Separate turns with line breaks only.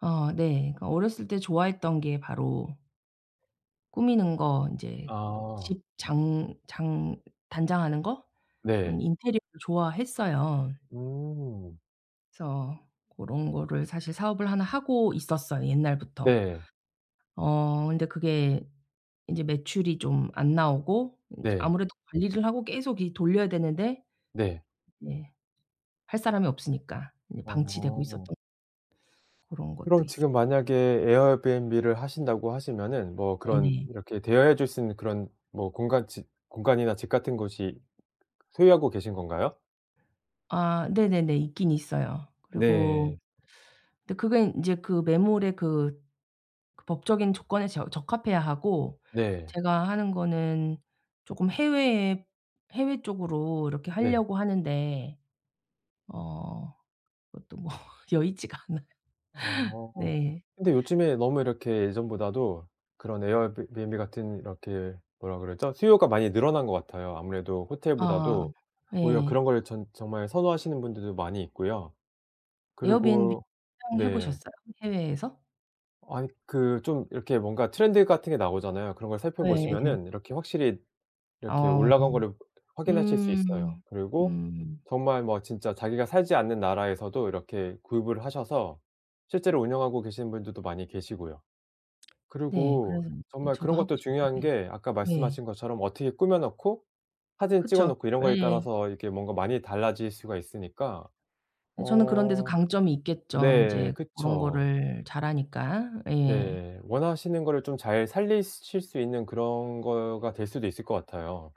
어 네. 그러니까 어렸을 때 좋아했던 게 바로 꾸미는 거 인제
아.
집 장 장 단장하는 거? 그런
네.
인테리어를 좋아했어요.
음.
그래서 고런 거를 사실 사업을 하나 하고 있었어요 옛날부터.
네.
어 근데 그게 인제 매출이 좀 안 나오고 인제
네.
아무래도 관리를 하고 계속 이 돌려야 되는데
네.
네 할 사람이 없으니까 그냥 방치되고
어.
있었던 고런 것도
그럼
있어요.
지금 만약에 에어비앤비를 하신다고 하시면은 뭐 그런
네네.
이렇게 대여해 줄 수 있는 그런 뭐 공간 집 공간이나 집 같은 곳이 소유하고 계신 건가요?
아 네네네. 있긴 있어요. 그리고
네.
근데 그게 인제 그 매물에 그, 그 법적인 조건에 저 적합해야 하고
네.
제가 하는 거는 쪼끔 해외에 해외 쪽으로 이렇게
네.
하려고 하는데 어 그것도 뭐 여의치가 않아요.
어.
네.
근데 요즘에 너무 이렇게 예전보다도 그런 에어비 비앤비 같은 이렇게 뭐라 그러죠? 수요가 많이 늘어난 것 같아요. 아무래도
아.
호텔보다도 오히려
예.
그런 걸 전 정말 선호하시는 분들도 많이 있고요.
에어비앤비
그리고
사용해
네.
보셨어요 해외에서?
아니 그 좀 이렇게 뭔가 트렌드 같은 게 나오잖아요. 그런 걸
예예예.
살펴보시면은 이렇게 확실히 이렇게
어어.
올라간 거를 확인하실 수 있어요.
음.
그리고
음.
정말 뭐 진짜 자기가 살지 않는 나라에서도 이렇게 구입을 하셔서 실제로 운영하고 계시는 분들도 많이 계시고요.
네.
그리고
그래서 예
정말
저도
그런
하고
것도 중요한
싶은데
게 아까
네.
말씀하신 것처럼 어떻게 꾸며 놓고 사진 찍어
그쵸.
놓고 이런 거에
예.
따라서 이게 뭔가 많이 달라질 수가 있으니까.
예. 저는 그런 데서
어
강점이 있겠죠
네.
인제 그런
그쵸.
거를 잘하니까. 예.
네. 원하시는 거를 좀 잘 살리실 수 있는 그런 거가 될 수도 있을 것 같아요.